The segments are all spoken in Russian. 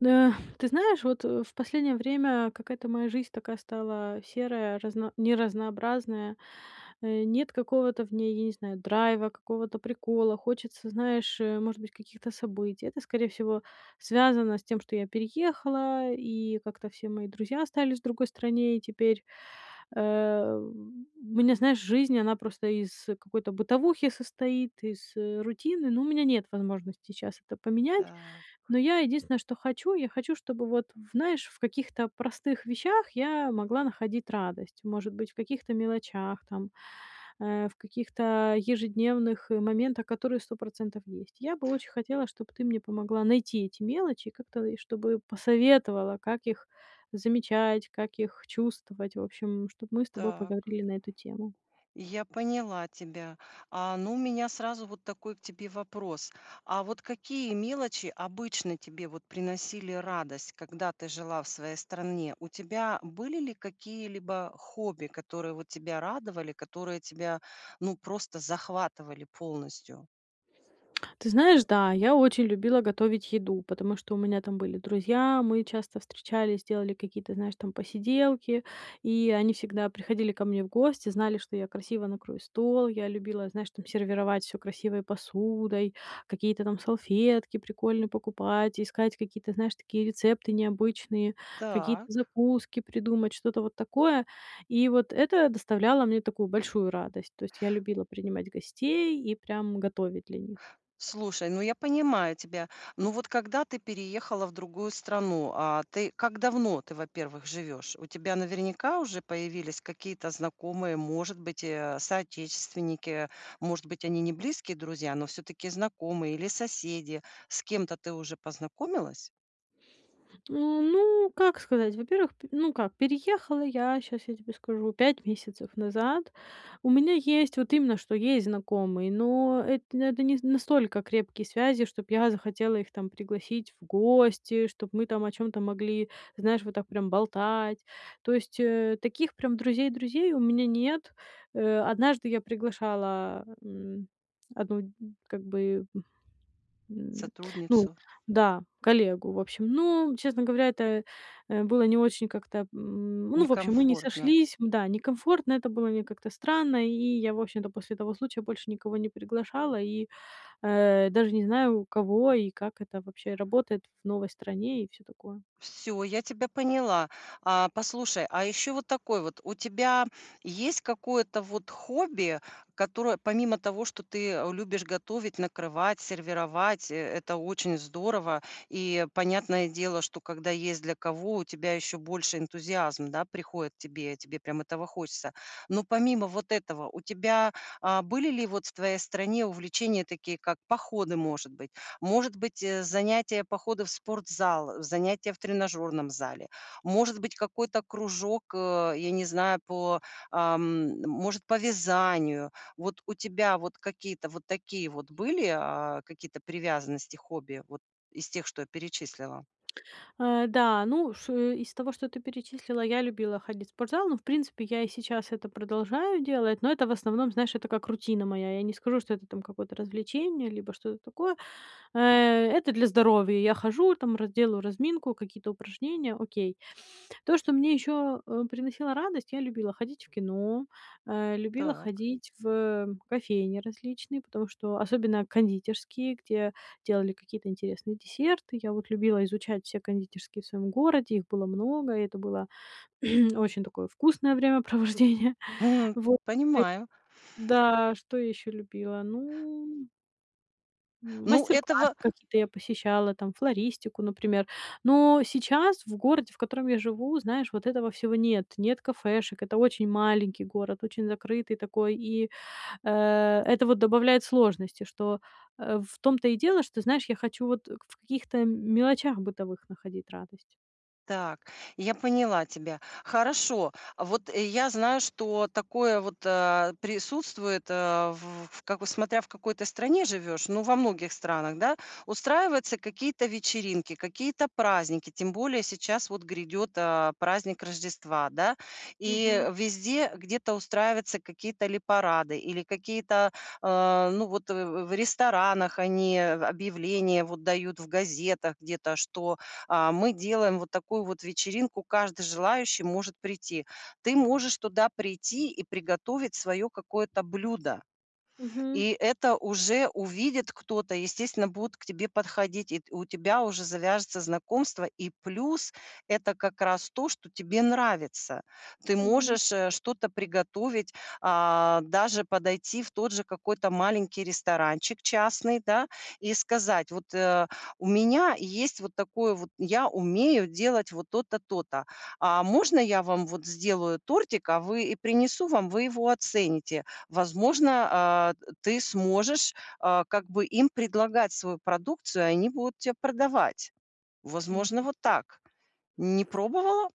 Да, ты знаешь, вот, э, в последнее время какая-то моя жизнь такая стала серая, разна неразнообразная. Э, нет какого-то в ней, я не знаю, драйва, какого-то прикола. Хочется, знаешь, э, может быть, каких-то событий. Это, скорее всего, связано с тем, что я переехала, и как-то все мои друзья остались в другой стране. И теперь, э, у меня, знаешь, жизнь, она просто из какой-то бытовухи состоит, из рутины, но у меня нет возможности сейчас это поменять. Так. Но я единственное, что хочу, я хочу, чтобы вот, знаешь, в каких-то простых вещах я могла находить радость. Может быть, в каких-то мелочах, там, э, в каких-то, э, ежедневных моментах, которые 100 % есть. Я бы очень хотела, чтоб ты мне помогла найти эти мелочи и как-то, и чтобы посоветовала, как их замечать, как их чувствовать. В общем, чтоб мы с тобой Так. поговорили на эту тему. Я поняла тебя. А, ну у меня сразу вот такой к тебе вопрос. А вот какие мелочи обычно тебе вот приносили радость, когда ты жила в своей стране? У тебя были ли какие-либо хобби, которые вот тебя радовали, которые тебя, ну, просто захватывали полностью? Ты знаешь, да, я очень любила готовить еду, потому что у меня там были друзья, мы часто встречались, делали какие-то, знаешь, там, посиделки. И они всегда приходили ко мне в гости, знали, что я красиво накрою стол. Я любила, знаешь, там, сервировать всё красивой посудой, какие-то там салфетки прикольные покупать, искать какие-то, знаешь, такие рецепты необычные, какие-то Так. закуски придумать, что-то вот такое. И вот это доставляло мне такую большую радость. То есть я любила принимать гостей и прям готовить для них. Слушай, ну я понимаю тебя. Ну вот когда ты переехала в другую страну- а ты как давно ты, во-первых, живешь? У тебя наверняка уже появились какие-то знакомые, может быть, э, соотечественники. Может быть, они не близкие друзья, но всё-таки знакомые или соседи. С кем-то ты уже познакомилась? А, ну как сказать? Во-первых, п ну как переехала я, щас я тебе скажу, 5 месяцев назад. У меня есть вот именно, что есть знакомые, но это н это не настолько крепкие связи, чтоб я захотела их там пригласить в гости, чтоб мы там о чём-то могли, знаешь, вот так прямо болтать. То есть, э, таких прям друзей-друзей у меня нет. Э, однажды я приглашала, м, одну, м, как бы, м, ну Сотрудницу. да, коллегу, в общем. Но, честно говоря, это, э, было не очень как-то, м, ну в общем, мы не Некомфортно. сошлись. М, да, некомфортно это было, мне как-то странно. И я, в общем-то, после того случая больше никого не приглашала, и, э, даже не знаю, у кого и как это вообще работает в новой стране и всё такое. Всё я тебя поняла. А, послушай. А еще вот такой вот: у тебя есть какое-то вот хобби, которое помимо того, что ты, э, любишь готовить, накрывать, сервировать- э это очень здорово. И понятное дело, что когда есть для кого, у тебя еще больше энтузиазма, да, приходит тебе тебе прям этого хочется. Но помимо вот этого, у тебя, а, были ли вот в твоей стране увлечения такие, как походы, может быть? Может быть, э, занятия- походы в спортзал, э, занятия в тренажёрном зале? Может быть какой-то кружок, э, я не знаю, по, ам, может по вязанию. Вот у тебя вот какие-то вот такие вот были, а, какие-то привязанности, хобби, вот из тех, что я перечислила? Э, да, ну ш из того, что ты перечислила, я любила ходить в спортзал, но в принципе я и сейчас это продолжаю делать, но это в основном, знаешь, это как рутина моя. Я не скажу, что это там какое-то развлечение, либо что-то такое. Э, это для здоровья. Я хожу, там раз делаю разминку, какие-то упражнения, окей. То, что мне еще, э, приносило радость, я любила ходить в кино, э, любила Так. ходить в, э, кофейни различные, потому что особенно кондитерские, где делали какие-то интересные десерты. Я вот любила изучать все кондитерские в своем городе, их было много, и это было очень такое вкусное времяпровождение. Мгм. Вот. И Понимаю. Да, что я еще любила? Ну М, Ну, мастер-классы этого какие-то я посещала, там флористику, например. Но сейчас в городе, в котором я живу, знаешь вот этого всего нет. Нет кафешек. Это очень маленький город, очень закрытый такой, и, э, это вот добавляет сложности, что, э, в том-то и дело, что, знаешь, я хочу вот в каких-то мелочах бытовых находить радость. Так, я поняла тебя. Хорошо. А вот я знаю, что такое вот, э, присутствует, э, в как бы, смотря в какой ты стране живешь, но во многих странах, да, устраиваются какие-то вечеринки, какие-то праздники, тем более сейчас вот грядет, а, праздник Рождества, да. Мгм. И везде где-то устраиваются какие-то или парады, или какие-то, э, ну вот, э, в в ресторанах они объявления вот дают, в газетах где-то, что, а, мы делаем вот такую вот вечеринку, каждый желающий может прийти. Ты можешь туда прийти и приготовить свое какое-то блюдо. Мгм. И это уже увидит кто-то, и, естественно, будут к тебе подходить, и т у тебя уже завяжется знакомство, и плюс это как раз то, что тебе нравится. Ты Мгм. можешь, э, что-то приготовить, а, даже подойти в тот же какой-то маленький ресторанчик частный, да, и сказать: "Вот, э, у меня есть вот такое вот, я умею делать вот то-то, то-то. А можно я вам вот сделаю тортик, а, вы и принесу вам, вы его оцените?" Возможно, а, э, ты сможешь, а, как бы, им предлагать свою продукцию, и они будут те продавать. Возможно, вот так. Не [unintelligible] пробовала?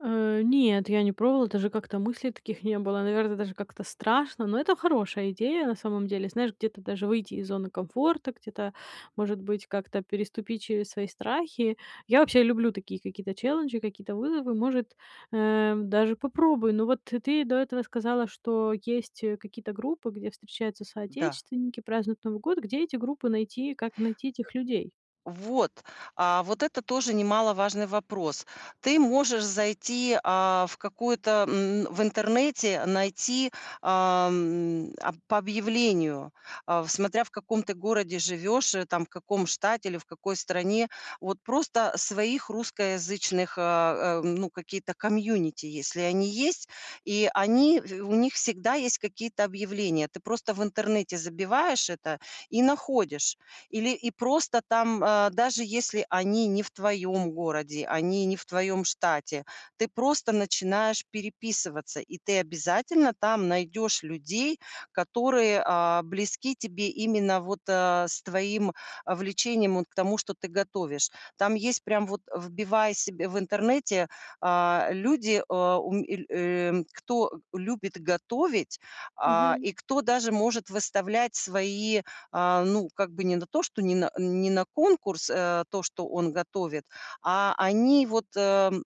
Э, нет, я не пробовала, даже как-то мыслей таких не было. Наверное, даже как-то страшно. Но это хорошая идея на самом деле. Знаешь, где-то даже выйти из зоны комфорта, где-то, может быть как-то переступить через свои страхи. Я вообще люблю такие какие-то челленджи, какие-то вызовы. Может, эм, даже попробую. Но вот ты до этого сказала, что есть, э, какие-то группы, где встречаются Да. соотечественники, празднуют Новый год. Где эти группы найти? Как найти этих людей? Вот. А вот это тоже немаловажный вопрос. Ты можешь зайти, а, в какой-то, м, в интернете найти, ам, а по объявлению. А, в смотря в каком ты городе живешь, э, там, в каком штате или в какой стране. Вот просто своих русскоязычных, а, ам, ну, какие-то комьюнити, если они есть. И они в у них всегда есть какие-то объявления. Ты просто в интернете забиваешь это и находишь. Или, и просто там, э, даже если они не в твоем городе, они не в твоем штате, ты просто начинаешь переписываться, и ты обязательно там найдешь людей, которые, а, близки тебе, именно вот, э, с твоим, а, влечением, вот к тому, что ты готовишь. Там есть прям вот: вбивая себе в интернете, а, люди, э, ум эль эм, кто любит готовить, а, Мгм. и кто даже может выставлять свои, а, ну, как бы, не на то, что не на не на конкурс, э, то, что он готовит. А они вот, э, м,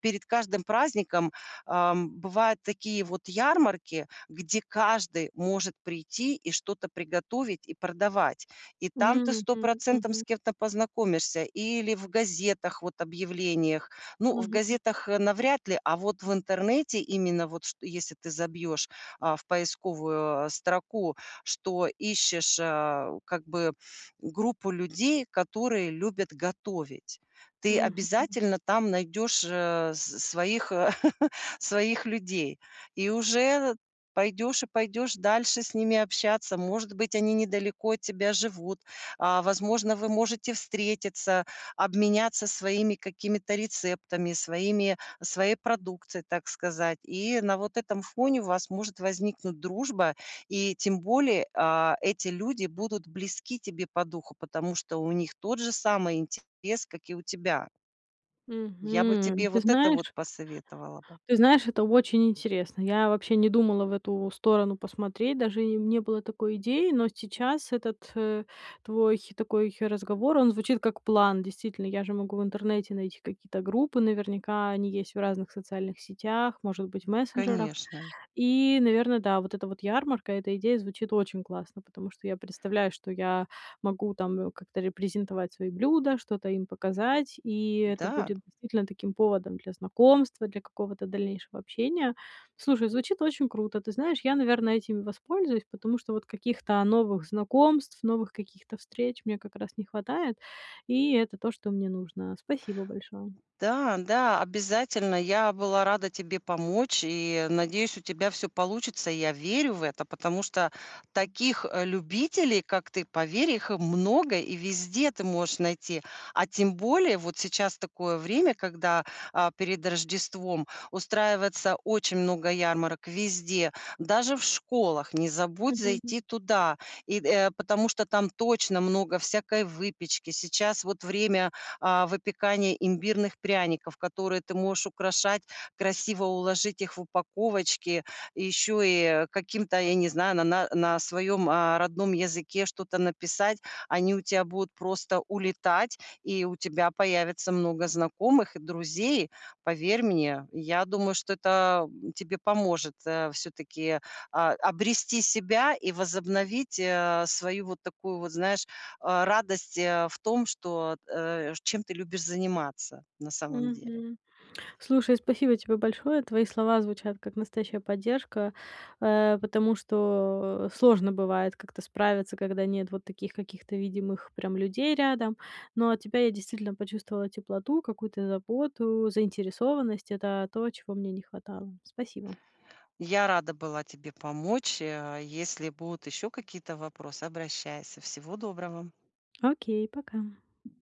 перед каждым праздником, ам, бывают такие вот ярмарки, где каждый может прийти и что-то приготовить и продавать. И М, там ты 100 мгм процентом с мгм. кем-то познакомишься, или в газетах, вот, объявлениях. Ну, в Мгм. газетах, э, навряд ли, а вот в интернете именно, вот, чт если ты забьешь, а, в поисковую, э, строку, что ищешь, э, как бы группу людей, которые любят готовить. Ты Мгм. обязательно там найдешь, э, с своих,, своих людей. И уже, э, пойдешь и пойдешь дальше с ними общаться. Может быть, они недалеко от тебя живут. А, возможно, вы можете встретиться, обменяться своими какими-то рецептами, своими своей продукцией, так сказать. И на вот этом фоне у вас может возникнуть дружба, и, тем более, а, эти люди будут близки тебе по духу, потому что у них тот же самый интерес, как и у тебя. Я бы Мгм. тебе Ты вот это вот знаешь посоветовала бы. ты знаешь, это очень интересно. Я вообще не думала в эту сторону посмотреть. Даже и не было такой идеи. Но сейчас этот, э, твой такой разговор, он звучит как план. Действительно, я же могу в интернете найти какие-то группы, наверняка они есть в разных социальных сетях, может быть, в мессенджерах. Конечно. И, наверное, да, вот эта вот ярмарка, эта идея звучит очень классно. Потому что я представляю, что я могу там, э, как-то репрезентовать свои блюда, что-то им показать, и это Да. будет действительно таким поводом для знакомства, для какого-то дальнейшего общения. Слушай, звучит очень круто. Ты знаешь, я, наверное, этим и воспользуюсь, потому что вот каких-то новых знакомств, новых каких-то встреч мне как раз не хватает. И это то, что мне нужно. Спасибо большое. Да, да, обязательно. Я была рада тебе помочь и, надеюсь, у тебя всё получится. Я верю в это, потому что таких, э, любителей, как ты, поверь, их, э, много, и везде ты можешь найти. А тем более вот сейчас такое время, когда, а, перед Рождеством устраивается очень много ярмарок везде, даже в школах, не забудь Мгм. зайти туда и д э, потому что там точно много всякой выпечки. Сейчас вот время, а, выпекания имбирных пряников, которые ты можешь украшать, красиво уложить их в упаковочки, еще и, э, каким-то, я не знаю, на на на своем, э, родном языке что-то написать. Они у тя будут просто улетать, и у тебя появится много знакомых и друзей. Поверь мне. Я думаю, что это, м, тебе поможет, э, все-таки, а, обрести себя и возобновить, э, свою вот такую вот, знаешь, э, радость, э, в том, что, э, чем ты любишь заниматься на самом деле. Мгм. Слушай, спасибо тебе большое. Твои слова звучат как настоящая поддержка. Э, потому что, э, сложно бывает как-то справиться, когда нет вот таких каких-то видимых прям людей рядом. Но от тебя я действительно почувствовала теплоту, какую-то заботу, заинтересованность. Это то, чего мне не хватало. Спасибо. Я рада была тебе помочь, э, если будут еще какие-то вопросы обращайся. Всего доброго! Окей. Пока.